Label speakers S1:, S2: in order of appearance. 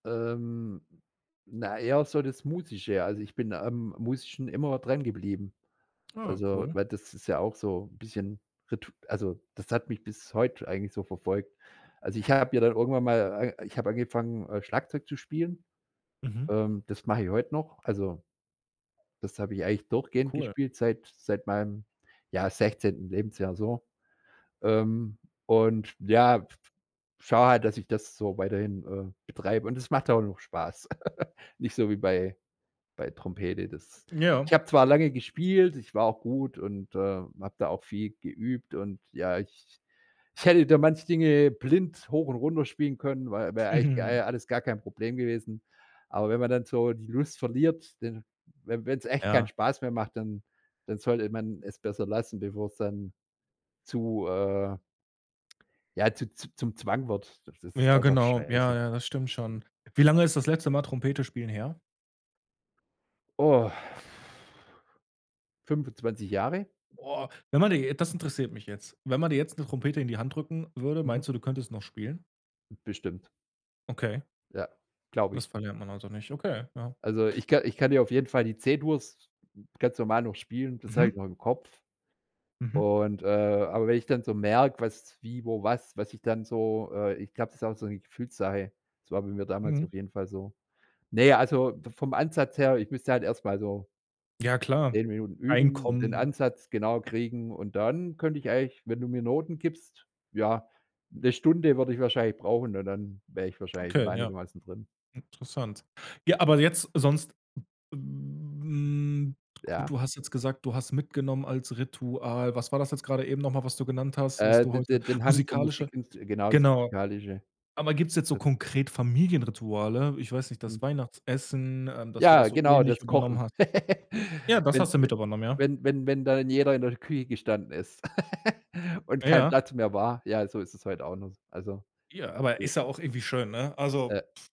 S1: Ähm, na, eher so das Musische. Also, ich bin am Musischen immer drangeblieben.
S2: Ah,
S1: Also,
S2: cool.
S1: weil das ist ja auch so bisschen Ritu also, das hat mich bis heute eigentlich so verfolgt. Also, ich habe ja dann irgendwann mal äh, ich habe angefangen, äh, Schlagzeug zu spielen.
S2: Mhm.
S1: Ähm, das mache ich heute noch. Also, das habe ich eigentlich durchgehend
S2: Cool.
S1: gespielt seit seit meinem, ja, 16. Lebensjahr so. Ähm, und ja, f f schaue halt, dass ich das so weiterhin, äh, betreibe. Und das macht auch noch Spaß. Nicht so wie bei bei Trompete. Das ich
S2: Ja.
S1: habe zwar lange gespielt, ich war auch gut und, äh, habe da auch viel geübt. Und ja, ich ich hätte da manche Dinge blind hoch und runter spielen können, wei wäre eigentlich, äh,
S2: Mhm.
S1: alles gar kein Problem gewesen. Aber wenn man dann so die Lust verliert, denn wenn wenn wenn's echt keinen
S2: Ja.
S1: Spaß mehr macht, dann dann sollte man es besser lassen, bevor es dann zu, äh Ja, zu zu zum Zwang wird. Das ist ja
S2: Ja,
S1: auch noch
S2: genau.
S1: scheiße.
S2: Ja, ja, das stimmt schon. Wie lange ist das letzte Mal Trompete spielen her?
S1: Oh. 25 Jahre.
S2: Oh, wenn man dir j das interessiert mich jetzt, wenn man dir jetzt 'ne Trompete in die Hand drücken würde,
S1: Mhm.
S2: meinst du, du könntest noch spielen?
S1: Bestimmt.
S2: Okay.
S1: Ja, glaube
S2: Das
S1: ich.
S2: verlernt man also nicht. Okay. Ja.
S1: Also ich ka ich kann dir auf jeden Fall die C-Dur's ganz normal noch spielen, das habe ich
S2: Mhm.
S1: noch im Kopf.
S2: Mhm.
S1: Und, äh aber wenn ich dann so merke, was wie wo was was ich dann so, äh ich glaube, das ist auch so 'ne Gefühlssache. Das war bei mir damals
S2: Mhm.
S1: auf jeden Fall so. Ne, also v vom Ansatz her, ich müsste halt erst mal so
S2: Ja klar,
S1: 10 Minuten üben, den
S2: reinkommen.
S1: Ansatz genau kriegen und dann könnte ich eigentlich, wenn du mir Noten gibst ja, 'ne Stunde würde ich wahrscheinlich brauchen und dann wäre ich wahrscheinlich wieder
S2: Okay, ja.
S1: einigermaßen drin.
S2: Interessant. Ja,
S1: Ja.
S2: aber jetzt sonst w hm, gut,
S1: Ja.
S2: du hast jetzt gesagt, du hast mitgenommen als Ritual. Was war das jetzt grade eben noch mal, was du genannt hast, was
S1: Äh,
S2: du
S1: de
S2: heute
S1: de den Hang zur
S2: musikalische
S1: Musikins genau, das
S2: genau.
S1: musikalische.
S2: Aber gibt's jetzt so
S1: Das
S2: konkret Familienrituale? Ich weiß nicht,
S1: Mhm.
S2: das Weihnachtsessen, ähm, dass du das
S1: Ja,
S2: so
S1: genau,
S2: ähnlich
S1: das
S2: übernommen
S1: Kochen.
S2: hast. Ja, das
S1: Wenn
S2: hast du
S1: je
S2: mit übernommen, ja?
S1: wenn wenn wenn dann jeder in der Küche gestanden ist und
S2: Ah,
S1: kein
S2: ha.
S1: Platz mehr war, ja, so ist es heute auch noch. Also,
S2: Ja, aber ist
S1: [unintelligible]
S2: ja auch irgendwie schön, ne? Also
S1: Äh